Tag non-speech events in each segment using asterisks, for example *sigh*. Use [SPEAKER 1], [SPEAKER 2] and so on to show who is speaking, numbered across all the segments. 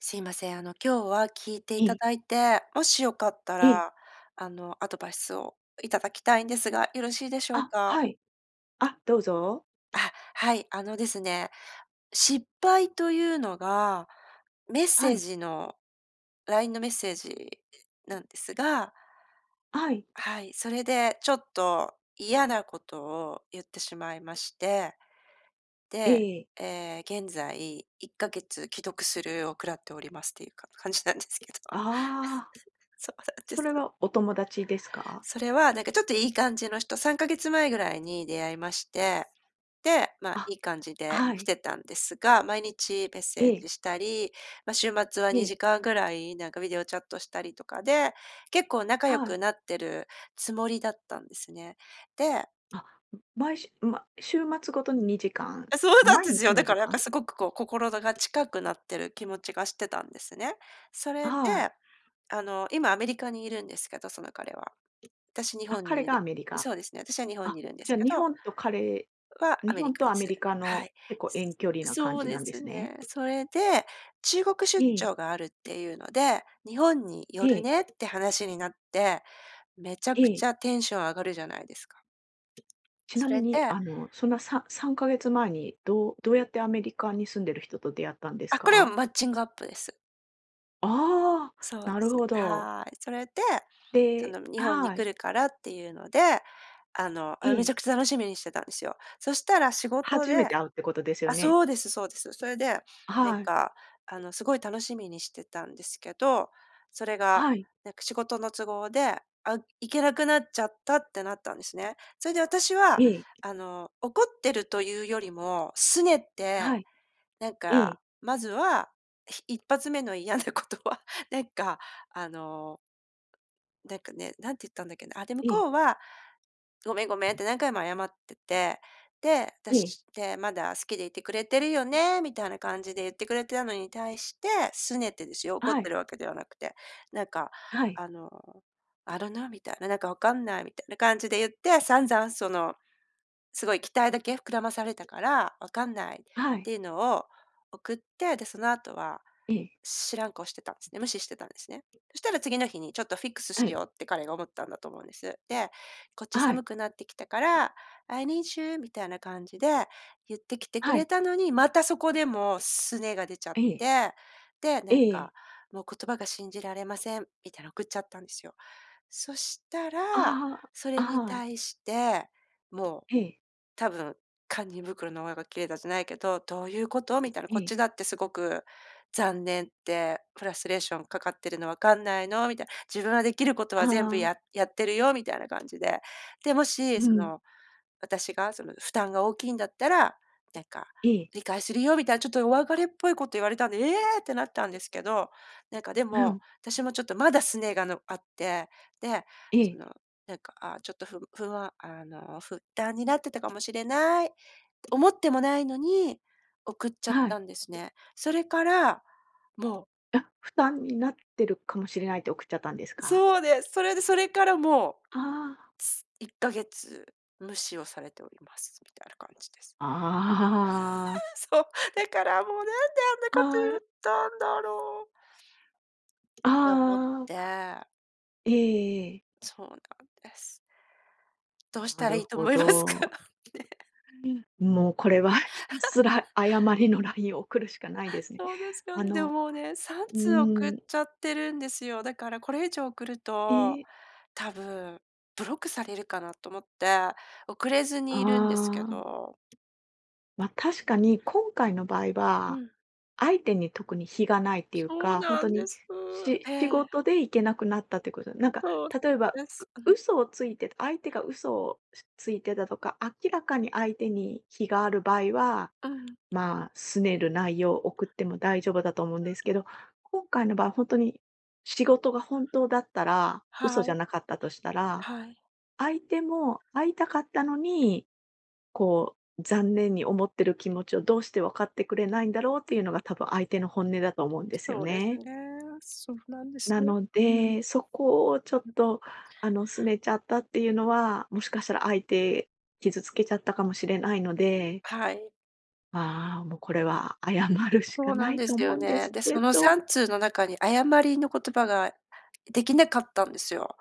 [SPEAKER 1] すいません、あの今日は聞いて
[SPEAKER 2] え
[SPEAKER 1] いた
[SPEAKER 2] え。
[SPEAKER 1] だいて、もしよかった
[SPEAKER 2] ええ。
[SPEAKER 1] らあの、アドバイスをいただきたいんですが、よろしいでしょう
[SPEAKER 2] あ、
[SPEAKER 1] か？
[SPEAKER 2] はい、あ、どうぞ。
[SPEAKER 1] あ、はい。あのですね、失敗というのが、メッ
[SPEAKER 2] は
[SPEAKER 1] セー
[SPEAKER 2] い。
[SPEAKER 1] ジのラインのメッセージ、いなんですが
[SPEAKER 2] はい。
[SPEAKER 1] はい。それでちょっと嫌なことを言ってしまいまして。
[SPEAKER 2] え
[SPEAKER 1] で、
[SPEAKER 2] えええ。
[SPEAKER 1] ええ、現在1か月既読スルーを食らっておりますっていうか、感じなんですけど。
[SPEAKER 2] ああ。
[SPEAKER 1] そうなんで
[SPEAKER 2] それ
[SPEAKER 1] す。
[SPEAKER 2] は、お友達ですか？
[SPEAKER 1] それはなんかちょっといい感じの人、3か月前ぐらいに出会いまして。で、ま、い
[SPEAKER 2] あ、
[SPEAKER 1] い感じで
[SPEAKER 2] は
[SPEAKER 1] 来
[SPEAKER 2] い。
[SPEAKER 1] てたんですが、毎日メッ
[SPEAKER 2] え
[SPEAKER 1] セー
[SPEAKER 2] え。
[SPEAKER 1] ジしたり、ま、週末は
[SPEAKER 2] え
[SPEAKER 1] に
[SPEAKER 2] え。
[SPEAKER 1] じかんぐらい、なんかビデオチャットしたりとかで、結構仲良
[SPEAKER 2] はい。
[SPEAKER 1] くなってるつもりだったんですね。で
[SPEAKER 2] あ、ん、毎しゅま週末ごとに2時間、
[SPEAKER 1] あ、そうなん
[SPEAKER 2] 毎
[SPEAKER 1] です
[SPEAKER 2] 日
[SPEAKER 1] よ。だ
[SPEAKER 2] に
[SPEAKER 1] か
[SPEAKER 2] じ
[SPEAKER 1] らなん
[SPEAKER 2] か
[SPEAKER 1] か
[SPEAKER 2] ん？
[SPEAKER 1] すごくこう心どが近くなってる気持ちがしてたんですね。それで、
[SPEAKER 2] はい。
[SPEAKER 1] あの、今アメリカにいるんですけど、その彼は私、日
[SPEAKER 2] あ、
[SPEAKER 1] 本
[SPEAKER 2] 彼
[SPEAKER 1] にい
[SPEAKER 2] が
[SPEAKER 1] る
[SPEAKER 2] アメリカ。
[SPEAKER 1] そうですね、私は日本
[SPEAKER 2] あ、
[SPEAKER 1] にいるんで
[SPEAKER 2] じ
[SPEAKER 1] す
[SPEAKER 2] ゃ
[SPEAKER 1] け
[SPEAKER 2] 日
[SPEAKER 1] ど
[SPEAKER 2] 本と彼
[SPEAKER 1] は、ア
[SPEAKER 2] 日
[SPEAKER 1] メリ
[SPEAKER 2] 本
[SPEAKER 1] カ
[SPEAKER 2] と
[SPEAKER 1] で
[SPEAKER 2] ア
[SPEAKER 1] す。
[SPEAKER 2] メリカ
[SPEAKER 1] は
[SPEAKER 2] の、
[SPEAKER 1] い。
[SPEAKER 2] 結構遠距離な感
[SPEAKER 1] そう
[SPEAKER 2] じな
[SPEAKER 1] で
[SPEAKER 2] んで
[SPEAKER 1] す
[SPEAKER 2] すね。
[SPEAKER 1] ね。それで、中国出
[SPEAKER 2] ええ。
[SPEAKER 1] 張があるっていうので、日本に寄
[SPEAKER 2] え
[SPEAKER 1] る
[SPEAKER 2] え。
[SPEAKER 1] ねって話になって、めちゃ
[SPEAKER 2] え
[SPEAKER 1] く
[SPEAKER 2] え。
[SPEAKER 1] ちゃテンション上がるじゃないですか。
[SPEAKER 2] ちな
[SPEAKER 1] そ
[SPEAKER 2] み
[SPEAKER 1] れ
[SPEAKER 2] に、
[SPEAKER 1] で
[SPEAKER 2] あの、そんなさ3か月前にどうどうやってアメリカに住んでる人と出会ったんです
[SPEAKER 1] あ、これは、
[SPEAKER 2] か？
[SPEAKER 1] マッチングアップです。
[SPEAKER 2] ああ、
[SPEAKER 1] そうで
[SPEAKER 2] なる
[SPEAKER 1] す、
[SPEAKER 2] ほど。
[SPEAKER 1] はい。それで、そ
[SPEAKER 2] で
[SPEAKER 1] の日本に
[SPEAKER 2] は
[SPEAKER 1] 来
[SPEAKER 2] い。
[SPEAKER 1] るからっていうので、あの、
[SPEAKER 2] え
[SPEAKER 1] めち
[SPEAKER 2] え。
[SPEAKER 1] ゃくちゃ楽しみにしてたんですよ。そしたら仕事
[SPEAKER 2] 初め
[SPEAKER 1] で
[SPEAKER 2] て会うってことですよ
[SPEAKER 1] あ、
[SPEAKER 2] ね。
[SPEAKER 1] そうですそうです。それで、なん
[SPEAKER 2] はい。
[SPEAKER 1] かあのすごい楽しみにしてたんですけど、それが、
[SPEAKER 2] はい。
[SPEAKER 1] なんか仕事の都合で、あ、行けなくなっちゃったってなったんですね。それで私は
[SPEAKER 2] ええ。
[SPEAKER 1] あの、怒ってるというよりも、拗ね
[SPEAKER 2] は
[SPEAKER 1] て、
[SPEAKER 2] い。
[SPEAKER 1] なん
[SPEAKER 2] ええ。
[SPEAKER 1] か、まずは、ひ一発目の嫌なことはなんか、あのなんかね、なんて言ったんだっけな。あ、で、向
[SPEAKER 2] ええ。
[SPEAKER 1] こうは「ごめん、ごめん」って何回も謝ってて、で
[SPEAKER 2] ええ。
[SPEAKER 1] 「私ってまだ好きでいてくれてるよね」みたいな感じで言ってくれてたのに対して、拗ねてですよ、怒っ
[SPEAKER 2] は
[SPEAKER 1] て
[SPEAKER 2] い。
[SPEAKER 1] るわけではなくて、なんか、
[SPEAKER 2] はい。
[SPEAKER 1] あの、I don't know みたいな「なんか分かんない」みたいな感じで言って、散々その、すごい期待だけ膨らまされたから「分かんない」っ
[SPEAKER 2] は
[SPEAKER 1] てい
[SPEAKER 2] い。
[SPEAKER 1] うのを送って、でその後は、
[SPEAKER 2] ええ。
[SPEAKER 1] 知らん顔してたんですね、無視してたんですね。そしたら次の日にちょっとフィックスし
[SPEAKER 2] はい。
[SPEAKER 1] ようって彼が思ったんだと思うんです。で「こっち
[SPEAKER 2] は
[SPEAKER 1] 寒
[SPEAKER 2] い。
[SPEAKER 1] くなってきたから、I need you」みたいな感じで言ってきてく
[SPEAKER 2] は
[SPEAKER 1] れ
[SPEAKER 2] い。
[SPEAKER 1] たのに、またそこでも、拗ねが出ちゃっ
[SPEAKER 2] ええ。
[SPEAKER 1] て、で、
[SPEAKER 2] え
[SPEAKER 1] なん
[SPEAKER 2] え。
[SPEAKER 1] か「もう言葉が信じられません」みたいな送っちゃったんですよ。そしたら、
[SPEAKER 2] あ
[SPEAKER 1] そ
[SPEAKER 2] あ、
[SPEAKER 1] れに
[SPEAKER 2] はい。
[SPEAKER 1] 対して、もう、
[SPEAKER 2] ええ。
[SPEAKER 1] 多分、堪忍袋の緒が切れたじゃないけど「どういうこと」みたいな「こっ
[SPEAKER 2] え
[SPEAKER 1] ち
[SPEAKER 2] え。
[SPEAKER 1] だってすごく、残念ってフラストレーションかかってるの分かんないの」みたいな「自分ができること
[SPEAKER 2] あ
[SPEAKER 1] は全部
[SPEAKER 2] あ。
[SPEAKER 1] ややってるよ」みたいな感じで、で、もし、
[SPEAKER 2] う
[SPEAKER 1] そ
[SPEAKER 2] ん。
[SPEAKER 1] の、私がその負担が大きいんだったら、なんか
[SPEAKER 2] ええ。
[SPEAKER 1] 理解するよみたいな、ちょっとお別れっぽいこと言われたんで、ええ！ってなったんですけど、なんかで
[SPEAKER 2] う
[SPEAKER 1] も、
[SPEAKER 2] ん。
[SPEAKER 1] 私もちょっとまだ拗ねが、のあって、で、
[SPEAKER 2] え
[SPEAKER 1] そ
[SPEAKER 2] え。
[SPEAKER 1] の、なんかああ、ちょっとふぐ不安、あの「負担になってたかもしれない」って思ってもないのに、送っちゃっ
[SPEAKER 2] はい。
[SPEAKER 1] たんですね。それから、もう。
[SPEAKER 2] あ、負担になってるかもしれないって送っちゃったんですか？
[SPEAKER 1] そうです。それでそれからもう、
[SPEAKER 2] ああ。
[SPEAKER 1] つ1か月無視をされております、みたいな感じです。
[SPEAKER 2] ああ。
[SPEAKER 1] *laughs* そう。だからもうなんであんなこと
[SPEAKER 2] は
[SPEAKER 1] 言っ
[SPEAKER 2] い。
[SPEAKER 1] たんだろう。
[SPEAKER 2] あ
[SPEAKER 1] って思っ
[SPEAKER 2] あ。
[SPEAKER 1] て。
[SPEAKER 2] ええええ。
[SPEAKER 1] そうなんです。どうし
[SPEAKER 2] な
[SPEAKER 1] たら
[SPEAKER 2] る
[SPEAKER 1] いいと
[SPEAKER 2] ほ
[SPEAKER 1] 思いますか？
[SPEAKER 2] ど。
[SPEAKER 1] ね。
[SPEAKER 2] *unintelligible* もうこれはひたす
[SPEAKER 1] *laughs*
[SPEAKER 2] ら謝りのラインを送るしかないですね。
[SPEAKER 1] そうですよ
[SPEAKER 2] あ
[SPEAKER 1] ね。で
[SPEAKER 2] の
[SPEAKER 1] もね、さん
[SPEAKER 2] う
[SPEAKER 1] つう送っ
[SPEAKER 2] ん。
[SPEAKER 1] ちゃってるんですよ。だからこれ以上送る
[SPEAKER 2] え
[SPEAKER 1] と、
[SPEAKER 2] え。
[SPEAKER 1] 多分、ブロックされるかなと思って、送れずにいるんですけ
[SPEAKER 2] ああ。
[SPEAKER 1] ど。
[SPEAKER 2] ま、確かに今回の場合
[SPEAKER 1] う
[SPEAKER 2] は、
[SPEAKER 1] ん。
[SPEAKER 2] 相手に特に非がないっていう
[SPEAKER 1] そう
[SPEAKER 2] か、本
[SPEAKER 1] な
[SPEAKER 2] 当
[SPEAKER 1] んで
[SPEAKER 2] に、
[SPEAKER 1] す。
[SPEAKER 2] し
[SPEAKER 1] え
[SPEAKER 2] 仕
[SPEAKER 1] え。
[SPEAKER 2] 事で行けなくなったっていうこと。なんか
[SPEAKER 1] そう。
[SPEAKER 2] 例えば、
[SPEAKER 1] です。う
[SPEAKER 2] う
[SPEAKER 1] ん。
[SPEAKER 2] 嘘をついて、相手が嘘をついてたとか、明らかに相手に非がある場合は、
[SPEAKER 1] うん。
[SPEAKER 2] まあ、拗ねる内容を送っても大丈夫だと思うんですけど、今回の場合、本当に仕事が本当だったら、嘘
[SPEAKER 1] は
[SPEAKER 2] じゃ
[SPEAKER 1] い。
[SPEAKER 2] なかったとしたら、
[SPEAKER 1] はい。
[SPEAKER 2] 相手も会いたかったのにこう、残念に思ってる気持ちをどうして分かってくれないんだろうっていうのが多分相手の本音だと思うんですよ
[SPEAKER 1] そうです
[SPEAKER 2] ね。
[SPEAKER 1] ね。そうなんです
[SPEAKER 2] な
[SPEAKER 1] よ。
[SPEAKER 2] の
[SPEAKER 1] うん。
[SPEAKER 2] で、そこをちょっとあの、拗ねちゃったっていうのは、もしかしたら相手傷つけちゃったかもしれないので
[SPEAKER 1] はい。
[SPEAKER 2] ま、もうこれは謝るし
[SPEAKER 1] そ
[SPEAKER 2] か
[SPEAKER 1] うな
[SPEAKER 2] な
[SPEAKER 1] ん
[SPEAKER 2] い
[SPEAKER 1] で
[SPEAKER 2] と
[SPEAKER 1] す
[SPEAKER 2] 思
[SPEAKER 1] よ
[SPEAKER 2] うんで
[SPEAKER 1] ね。
[SPEAKER 2] す
[SPEAKER 1] で、
[SPEAKER 2] け
[SPEAKER 1] その
[SPEAKER 2] ど。
[SPEAKER 1] 3通の中に謝りの言葉ができなかったんですよ。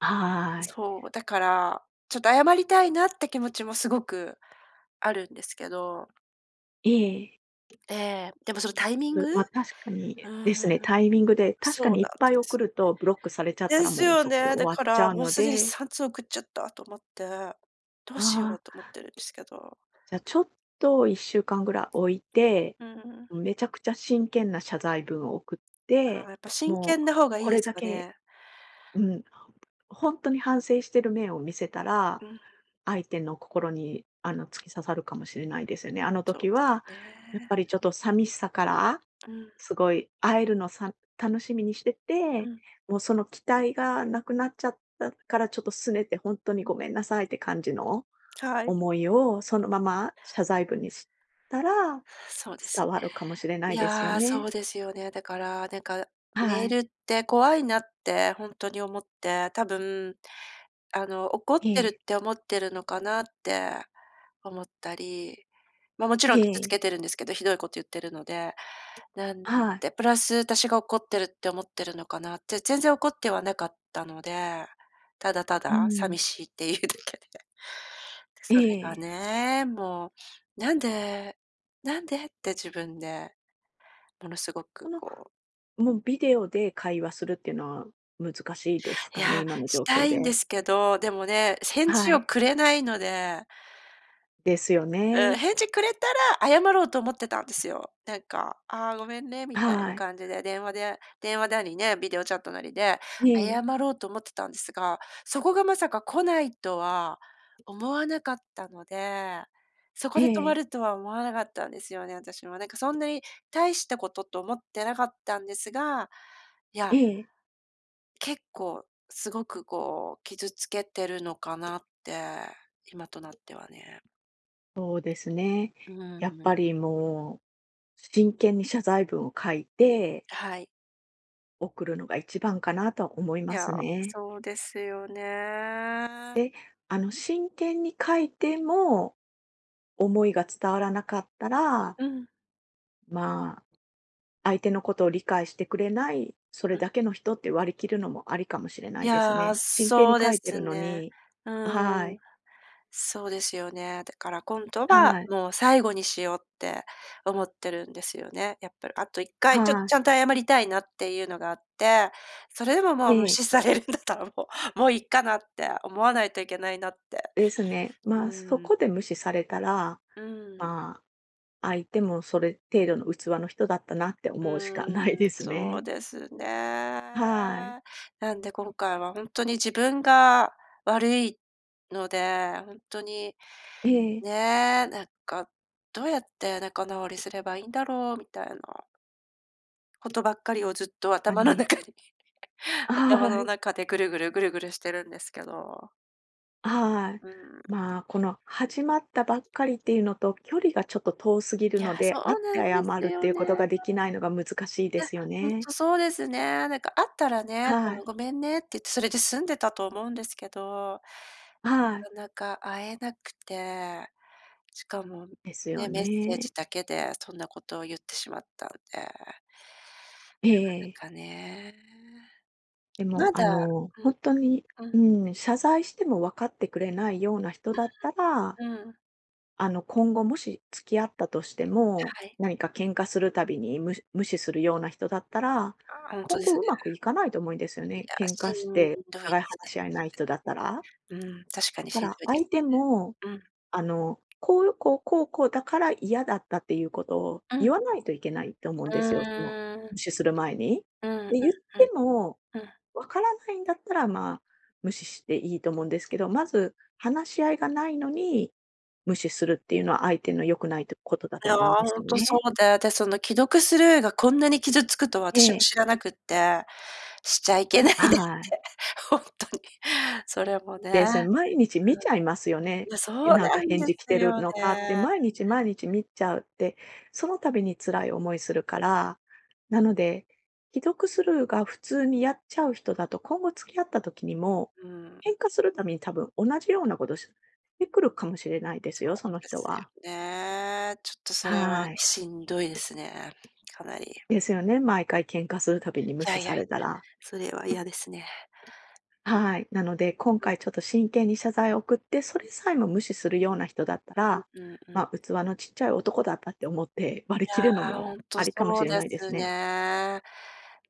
[SPEAKER 2] はい。
[SPEAKER 1] そう、だから、ちょっと謝りたいなって気持ちもすごくあるんですけど。
[SPEAKER 2] ええ。
[SPEAKER 1] ええ、でも
[SPEAKER 2] そ
[SPEAKER 1] そ
[SPEAKER 2] う
[SPEAKER 1] のタイミン
[SPEAKER 2] で
[SPEAKER 1] グ？
[SPEAKER 2] す、ま、
[SPEAKER 1] う
[SPEAKER 2] 確かにで
[SPEAKER 1] ん、
[SPEAKER 2] すね、タイミングで、確か
[SPEAKER 1] そう
[SPEAKER 2] にい
[SPEAKER 1] な
[SPEAKER 2] っ
[SPEAKER 1] ん
[SPEAKER 2] ぱ
[SPEAKER 1] で
[SPEAKER 2] い送
[SPEAKER 1] す。
[SPEAKER 2] るとブロックされちゃった
[SPEAKER 1] で
[SPEAKER 2] ら、
[SPEAKER 1] す
[SPEAKER 2] もう
[SPEAKER 1] よ
[SPEAKER 2] そこで
[SPEAKER 1] ね、だ
[SPEAKER 2] 終わ
[SPEAKER 1] か
[SPEAKER 2] っちゃ
[SPEAKER 1] ら、
[SPEAKER 2] う
[SPEAKER 1] もう
[SPEAKER 2] の
[SPEAKER 1] すでに
[SPEAKER 2] で
[SPEAKER 1] 3通送っちゃったと思って、どうし
[SPEAKER 2] あ
[SPEAKER 1] よう
[SPEAKER 2] あ。
[SPEAKER 1] と思ってるんですけど。
[SPEAKER 2] じゃ、ちょっと1週間ぐらい置いて、
[SPEAKER 1] うーん。
[SPEAKER 2] めちゃくちゃ真剣な謝罪文を送っ
[SPEAKER 1] ああ、
[SPEAKER 2] て、
[SPEAKER 1] やっぱ真
[SPEAKER 2] も
[SPEAKER 1] 剣
[SPEAKER 2] う
[SPEAKER 1] な方がいい
[SPEAKER 2] こ
[SPEAKER 1] で
[SPEAKER 2] れ
[SPEAKER 1] す
[SPEAKER 2] だ
[SPEAKER 1] か
[SPEAKER 2] け
[SPEAKER 1] ね。
[SPEAKER 2] うんほんとに反省してる面を見せたら、
[SPEAKER 1] うん。
[SPEAKER 2] 相手の心に、あの、突き刺さるかもしれないですよね。あの
[SPEAKER 1] そう
[SPEAKER 2] 時は
[SPEAKER 1] です
[SPEAKER 2] やっ
[SPEAKER 1] ね。
[SPEAKER 2] ぱりちょっと寂しさから
[SPEAKER 1] うん。
[SPEAKER 2] すごい会えるのさ楽しみにして
[SPEAKER 1] う
[SPEAKER 2] て、
[SPEAKER 1] ん。
[SPEAKER 2] もうその期待がなくなっちゃったからちょっと拗ねてほんとにごめんなさいって感じの、
[SPEAKER 1] はい。
[SPEAKER 2] 思いをそのまま謝罪文にしたら、
[SPEAKER 1] そうです
[SPEAKER 2] 伝
[SPEAKER 1] ね。
[SPEAKER 2] わるかもしれな
[SPEAKER 1] い
[SPEAKER 2] いですよ
[SPEAKER 1] や、そ
[SPEAKER 2] ね。
[SPEAKER 1] うですよね。だからなんかメ
[SPEAKER 2] は
[SPEAKER 1] ー
[SPEAKER 2] い。
[SPEAKER 1] ルって怖いなってほんとに思って、多分、あの怒ってるっ
[SPEAKER 2] ええ。
[SPEAKER 1] て思ってるのかなって思ったり、ま、もち
[SPEAKER 2] え
[SPEAKER 1] ろん傷つ
[SPEAKER 2] え。
[SPEAKER 1] けてるんですけど、ひどいこと言ってるので。なん
[SPEAKER 2] はい。
[SPEAKER 1] でプラス私が怒ってるって思ってるのかなって、全然怒ってはなかったので、ただた
[SPEAKER 2] うー
[SPEAKER 1] だ寂
[SPEAKER 2] ん。
[SPEAKER 1] しいっていうだけで。で、それが
[SPEAKER 2] ええ。
[SPEAKER 1] ね、もう、なんで、なんでって自分で、ものすご
[SPEAKER 2] こ
[SPEAKER 1] く
[SPEAKER 2] の、
[SPEAKER 1] こう
[SPEAKER 2] もうビデオで会話するっていうのは難しいですかね、
[SPEAKER 1] や、
[SPEAKER 2] 今の
[SPEAKER 1] し
[SPEAKER 2] 状
[SPEAKER 1] た
[SPEAKER 2] 況
[SPEAKER 1] いんで
[SPEAKER 2] で。
[SPEAKER 1] すけど、でもね、返
[SPEAKER 2] は
[SPEAKER 1] 事を
[SPEAKER 2] い。
[SPEAKER 1] くれないので。
[SPEAKER 2] ですよ
[SPEAKER 1] うん、
[SPEAKER 2] ね。
[SPEAKER 1] 返事くれたら謝ろうと思ってたんですよ。なんか「ああ、ごめんね」みたい
[SPEAKER 2] は
[SPEAKER 1] な
[SPEAKER 2] い。
[SPEAKER 1] 感じで、電話で電話なりね、ビデオチャットなりで謝
[SPEAKER 2] ええ。
[SPEAKER 1] ろうと思ってたんですが、そこがまさか来ないとは思わなかったので、そこ
[SPEAKER 2] え
[SPEAKER 1] で止ま
[SPEAKER 2] え。
[SPEAKER 1] るとは思わなかったんですよね、私も。なんかそんなに大したことと思ってなかったんですが、いや
[SPEAKER 2] ええ。
[SPEAKER 1] 結構、すごくこう、傷つけてるのかなって、今となってはね。
[SPEAKER 2] そうですね。
[SPEAKER 1] う
[SPEAKER 2] やっ
[SPEAKER 1] ーん。
[SPEAKER 2] ぱりもう、真剣に謝罪文を書いて
[SPEAKER 1] はい。
[SPEAKER 2] 送るのが一番かなとは思い
[SPEAKER 1] い
[SPEAKER 2] ま
[SPEAKER 1] や、
[SPEAKER 2] すね。
[SPEAKER 1] そうですよね。
[SPEAKER 2] で、あの真剣に書いても。思いが伝わらなかったら
[SPEAKER 1] うん。
[SPEAKER 2] まあ、相手のことを理解してくれない、そ
[SPEAKER 1] う
[SPEAKER 2] れ
[SPEAKER 1] ん。
[SPEAKER 2] だけの人って割り切るのもありかもしれな
[SPEAKER 1] い
[SPEAKER 2] いです
[SPEAKER 1] や、
[SPEAKER 2] ね。真剣に
[SPEAKER 1] そう
[SPEAKER 2] 書
[SPEAKER 1] で
[SPEAKER 2] いて
[SPEAKER 1] す
[SPEAKER 2] るの
[SPEAKER 1] ね。
[SPEAKER 2] には
[SPEAKER 1] うん。
[SPEAKER 2] い。
[SPEAKER 1] そうですよね。だから、今度は
[SPEAKER 2] はい。
[SPEAKER 1] もう、最後にしようって思ってるんですよね、やっぱり。あと、1回ちょ
[SPEAKER 2] は
[SPEAKER 1] ち
[SPEAKER 2] い。
[SPEAKER 1] ゃんと謝りたいなっていうのがあって、それでも、もう、無
[SPEAKER 2] ええ。
[SPEAKER 1] 視されるんだったらもう、「もう、いっかな」って思わないといけないなって。
[SPEAKER 2] ですね。
[SPEAKER 1] う
[SPEAKER 2] ま、そ
[SPEAKER 1] ーん。
[SPEAKER 2] こで無視されたら、
[SPEAKER 1] うん。
[SPEAKER 2] ま、相手もそれ程度の器の人だったなって思うしかない
[SPEAKER 1] う
[SPEAKER 2] で
[SPEAKER 1] ん、
[SPEAKER 2] す
[SPEAKER 1] そう
[SPEAKER 2] ね。
[SPEAKER 1] ですね。
[SPEAKER 2] はい。
[SPEAKER 1] なんで、今回はほんとに自分が悪いので、ほんとに、
[SPEAKER 2] ええ。
[SPEAKER 1] ね、なんか、「どうやって仲直りすればいんだろう？」みたいなことばっかりをずっと
[SPEAKER 2] あ
[SPEAKER 1] 頭の
[SPEAKER 2] に。
[SPEAKER 1] 中に頭
[SPEAKER 2] あ
[SPEAKER 1] の
[SPEAKER 2] い。
[SPEAKER 1] 中でぐるぐる、ぐるぐるしてるんですけど。
[SPEAKER 2] はい。
[SPEAKER 1] うん。
[SPEAKER 2] ま、この始まったばっかりっていうのと、距離がちょっと遠すぎる
[SPEAKER 1] いや、
[SPEAKER 2] の
[SPEAKER 1] そ
[SPEAKER 2] で、
[SPEAKER 1] う
[SPEAKER 2] 会って
[SPEAKER 1] なん
[SPEAKER 2] 謝
[SPEAKER 1] です
[SPEAKER 2] るって
[SPEAKER 1] よ
[SPEAKER 2] いう
[SPEAKER 1] ね。い
[SPEAKER 2] こと
[SPEAKER 1] や、
[SPEAKER 2] ができないのが難しいですよ
[SPEAKER 1] ほん
[SPEAKER 2] ね。
[SPEAKER 1] とそうですね。なんか会ったらね、そ
[SPEAKER 2] はい。
[SPEAKER 1] の、ごめんねって言って、それで済んでたと思うんですけど
[SPEAKER 2] はい。
[SPEAKER 1] なかなか会えなくて、しかも
[SPEAKER 2] ですよ
[SPEAKER 1] ね、メッセー
[SPEAKER 2] ね。
[SPEAKER 1] ジだけでそんなことを言ってしまったんで。
[SPEAKER 2] え
[SPEAKER 1] なか
[SPEAKER 2] え。
[SPEAKER 1] なかね。
[SPEAKER 2] でも、
[SPEAKER 1] ま
[SPEAKER 2] あ
[SPEAKER 1] だ
[SPEAKER 2] の、
[SPEAKER 1] う
[SPEAKER 2] ほ
[SPEAKER 1] ん。
[SPEAKER 2] んとに、
[SPEAKER 1] う
[SPEAKER 2] う
[SPEAKER 1] ん。
[SPEAKER 2] ーん、謝罪しても分かってくれないような人だったら、
[SPEAKER 1] うーん。うん。
[SPEAKER 2] あの、今後もし付き合ったとしても、
[SPEAKER 1] はい。
[SPEAKER 2] 何か喧嘩するたびに、無無視するような人だったら、
[SPEAKER 1] あ、ほんと
[SPEAKER 2] 今
[SPEAKER 1] です
[SPEAKER 2] 後
[SPEAKER 1] ね。
[SPEAKER 2] うまくいかないと思えですよ
[SPEAKER 1] い
[SPEAKER 2] ね。
[SPEAKER 1] や、
[SPEAKER 2] 喧
[SPEAKER 1] し
[SPEAKER 2] 嘩し
[SPEAKER 1] ん
[SPEAKER 2] て
[SPEAKER 1] ど
[SPEAKER 2] お
[SPEAKER 1] いで
[SPEAKER 2] 互い
[SPEAKER 1] す
[SPEAKER 2] 話
[SPEAKER 1] ね、
[SPEAKER 2] し合えな
[SPEAKER 1] 確
[SPEAKER 2] い人だったら。
[SPEAKER 1] かにね。うん、確か
[SPEAKER 2] だ
[SPEAKER 1] に
[SPEAKER 2] か
[SPEAKER 1] しん
[SPEAKER 2] ら、
[SPEAKER 1] どいで
[SPEAKER 2] 相
[SPEAKER 1] す
[SPEAKER 2] 手も、
[SPEAKER 1] ね。うん。
[SPEAKER 2] あの、こうこうこうこうだから嫌だったっていうことを
[SPEAKER 1] うん。
[SPEAKER 2] 言わないといけないと思うん
[SPEAKER 1] う
[SPEAKER 2] ですよ。その
[SPEAKER 1] ーん。
[SPEAKER 2] 無視する前に。
[SPEAKER 1] うーん、
[SPEAKER 2] で言っ
[SPEAKER 1] うん、う
[SPEAKER 2] て
[SPEAKER 1] ん。
[SPEAKER 2] も
[SPEAKER 1] うん。
[SPEAKER 2] 分からないんだったら、ま、無視していいと思うんですけど、まず話し合いがないのに無視するっていうのは相手の良くないとことだ
[SPEAKER 1] い
[SPEAKER 2] と
[SPEAKER 1] や、
[SPEAKER 2] 思うんです
[SPEAKER 1] ほん
[SPEAKER 2] よ
[SPEAKER 1] とそ
[SPEAKER 2] ね。
[SPEAKER 1] うで、で、その既読スルーがこんなに傷つくと
[SPEAKER 2] え
[SPEAKER 1] 私も
[SPEAKER 2] え。
[SPEAKER 1] 知らなくって、しちゃいけないねって、
[SPEAKER 2] はい。
[SPEAKER 1] ほんとに。それもね
[SPEAKER 2] で、それ
[SPEAKER 1] う
[SPEAKER 2] 毎日見ちゃいますよ
[SPEAKER 1] ん、
[SPEAKER 2] ね。
[SPEAKER 1] いや、そう
[SPEAKER 2] なん
[SPEAKER 1] な
[SPEAKER 2] か
[SPEAKER 1] ん
[SPEAKER 2] 返
[SPEAKER 1] で
[SPEAKER 2] 事来
[SPEAKER 1] す
[SPEAKER 2] てる
[SPEAKER 1] よ
[SPEAKER 2] のかって、
[SPEAKER 1] ね。
[SPEAKER 2] 毎日毎日見ちゃうって、その度に辛い思いするから。なので、既読スルーが普通にやっちゃう人だと、今後付き合った時にも
[SPEAKER 1] うーん。
[SPEAKER 2] 喧嘩する度に多分同じようなことするしてくるかもしれないです
[SPEAKER 1] そ
[SPEAKER 2] よ、その
[SPEAKER 1] うで
[SPEAKER 2] 人
[SPEAKER 1] すよ
[SPEAKER 2] は。
[SPEAKER 1] ね、ちょっとそれは
[SPEAKER 2] はい。
[SPEAKER 1] しんどいですね、かなり。う
[SPEAKER 2] ですよね、毎回喧嘩するたびに無
[SPEAKER 1] ん。や
[SPEAKER 2] 視
[SPEAKER 1] い
[SPEAKER 2] さ
[SPEAKER 1] やい、
[SPEAKER 2] れたら。
[SPEAKER 1] それは嫌ですね。
[SPEAKER 2] はい、なので今
[SPEAKER 1] うん。うん。
[SPEAKER 2] 回ちょっと真剣に謝罪を送って、それさえも無視するような人だったら、
[SPEAKER 1] うん、うん、うん。
[SPEAKER 2] ま、器のちっちゃい男だったって思って割り
[SPEAKER 1] い
[SPEAKER 2] 切
[SPEAKER 1] や、
[SPEAKER 2] るの
[SPEAKER 1] ほ
[SPEAKER 2] も
[SPEAKER 1] んと
[SPEAKER 2] ありかも
[SPEAKER 1] そ
[SPEAKER 2] し
[SPEAKER 1] う
[SPEAKER 2] れ
[SPEAKER 1] で
[SPEAKER 2] ないで
[SPEAKER 1] す
[SPEAKER 2] すね。
[SPEAKER 1] ね。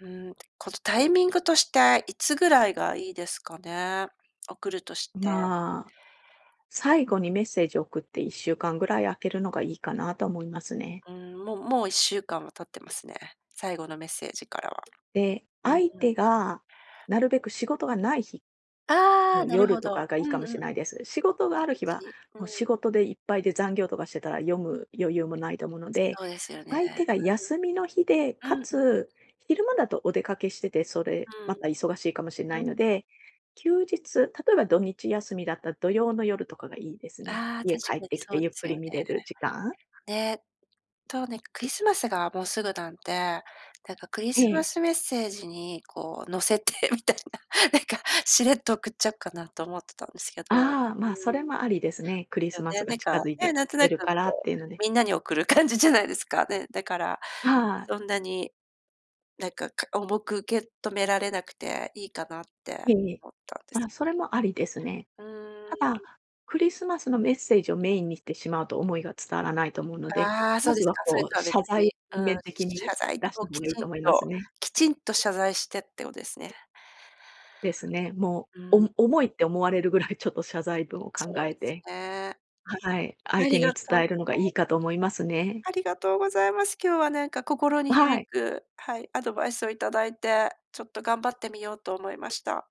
[SPEAKER 1] うん、このタイミングとして、いつぐらいがいいですかね、送るとして。
[SPEAKER 2] ま、最後にメッセージを送って1週間ぐらい空けるのがいいかなと思いますね。
[SPEAKER 1] うん、ももう1週間は経ってますね。最後のメッセージからは。
[SPEAKER 2] で、
[SPEAKER 1] う
[SPEAKER 2] 相
[SPEAKER 1] ん。
[SPEAKER 2] 手がなるべく仕事がない日。
[SPEAKER 1] ああ、なる
[SPEAKER 2] 夜
[SPEAKER 1] ほ
[SPEAKER 2] と
[SPEAKER 1] ど。
[SPEAKER 2] かがい
[SPEAKER 1] う
[SPEAKER 2] いか
[SPEAKER 1] ん
[SPEAKER 2] もし
[SPEAKER 1] う
[SPEAKER 2] ん
[SPEAKER 1] ん。
[SPEAKER 2] ないです。仕事が
[SPEAKER 1] 土
[SPEAKER 2] ある日は
[SPEAKER 1] 日、う
[SPEAKER 2] もう仕
[SPEAKER 1] ん。
[SPEAKER 2] 事でいっぱいで、残業とかしてたら読む余裕もないと思うので、
[SPEAKER 1] そうですよね、
[SPEAKER 2] 相手が休みの日で、
[SPEAKER 1] うん。う
[SPEAKER 2] か
[SPEAKER 1] ん、うん。
[SPEAKER 2] つ昼間だとお出かけしてて、それ
[SPEAKER 1] う
[SPEAKER 2] ま
[SPEAKER 1] ん。
[SPEAKER 2] た忙しいかもしんない
[SPEAKER 1] う
[SPEAKER 2] の
[SPEAKER 1] ん。
[SPEAKER 2] で、休日、例えば土日休みだったら土曜の夜とかがいいですね。
[SPEAKER 1] あ、確
[SPEAKER 2] 家帰っ
[SPEAKER 1] か
[SPEAKER 2] て
[SPEAKER 1] に
[SPEAKER 2] き
[SPEAKER 1] そ
[SPEAKER 2] て
[SPEAKER 1] うで
[SPEAKER 2] ゆっく
[SPEAKER 1] すよ
[SPEAKER 2] り
[SPEAKER 1] ね。
[SPEAKER 2] 見れる時間。
[SPEAKER 1] ね。そうね、クリスマスがもうすぐなんで、なんかクリスマ
[SPEAKER 2] え。
[SPEAKER 1] スメッセージにこう乗せてみたいな、なんかしれっと送っちゃうかなと思ってたんですけど。
[SPEAKER 2] あ、ま、そ
[SPEAKER 1] う
[SPEAKER 2] れ
[SPEAKER 1] ん。で
[SPEAKER 2] もありですね。クリ
[SPEAKER 1] す
[SPEAKER 2] ス
[SPEAKER 1] よ
[SPEAKER 2] マス
[SPEAKER 1] ね、
[SPEAKER 2] が
[SPEAKER 1] なんか、
[SPEAKER 2] 近づいて
[SPEAKER 1] ね、
[SPEAKER 2] き
[SPEAKER 1] なんと
[SPEAKER 2] て
[SPEAKER 1] なく
[SPEAKER 2] るからっ
[SPEAKER 1] こ
[SPEAKER 2] て
[SPEAKER 1] う、
[SPEAKER 2] いうので。
[SPEAKER 1] みんなに送る感じじゃないですか。ね。だから
[SPEAKER 2] はい。
[SPEAKER 1] そんなになんか、か重く受け止められなくて、いいかなって
[SPEAKER 2] いえいえ。
[SPEAKER 1] 思ったんです
[SPEAKER 2] ま、
[SPEAKER 1] けど。
[SPEAKER 2] それもありですね。
[SPEAKER 1] うー
[SPEAKER 2] た
[SPEAKER 1] ん。
[SPEAKER 2] だ、クリスマスのメッセージをメインにしてしまうと思いが伝わらないと思うので、
[SPEAKER 1] ああ、そ
[SPEAKER 2] ま
[SPEAKER 1] うで
[SPEAKER 2] ず
[SPEAKER 1] す
[SPEAKER 2] は
[SPEAKER 1] か、それ
[SPEAKER 2] こ
[SPEAKER 1] と
[SPEAKER 2] う、
[SPEAKER 1] は別
[SPEAKER 2] 謝罪を
[SPEAKER 1] に。うん、
[SPEAKER 2] 全面的
[SPEAKER 1] 謝
[SPEAKER 2] に
[SPEAKER 1] 罪
[SPEAKER 2] 出し
[SPEAKER 1] を
[SPEAKER 2] た
[SPEAKER 1] き
[SPEAKER 2] 方がいい
[SPEAKER 1] ちん
[SPEAKER 2] と思います
[SPEAKER 1] と、
[SPEAKER 2] ね。
[SPEAKER 1] きちんと謝罪してってことですね。
[SPEAKER 2] ですね。も、
[SPEAKER 1] う
[SPEAKER 2] お
[SPEAKER 1] ん。
[SPEAKER 2] 重いって思われるぐらいちょっと謝罪文を
[SPEAKER 1] そ
[SPEAKER 2] 考
[SPEAKER 1] う
[SPEAKER 2] え
[SPEAKER 1] です
[SPEAKER 2] て
[SPEAKER 1] ね。
[SPEAKER 2] はい、
[SPEAKER 1] あ
[SPEAKER 2] 相手
[SPEAKER 1] りが
[SPEAKER 2] に
[SPEAKER 1] とうござ
[SPEAKER 2] 伝えるのがいい
[SPEAKER 1] い
[SPEAKER 2] かと思いますね。
[SPEAKER 1] ありがとうございます。今日は何か心に
[SPEAKER 2] は
[SPEAKER 1] 響
[SPEAKER 2] い。
[SPEAKER 1] く、はい、アドバイスをいただいて、ちょっと頑張ってみようと思いました。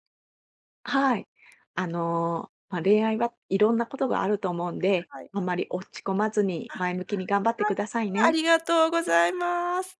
[SPEAKER 2] はい。あの、ま、恋愛はいろんなことがあると思うんで、
[SPEAKER 1] はい。
[SPEAKER 2] あんまり落ち込まずに
[SPEAKER 1] あ、
[SPEAKER 2] 前向きに頑張って
[SPEAKER 1] は
[SPEAKER 2] く
[SPEAKER 1] い。
[SPEAKER 2] ださい
[SPEAKER 1] あ
[SPEAKER 2] ね。
[SPEAKER 1] りがとうございます。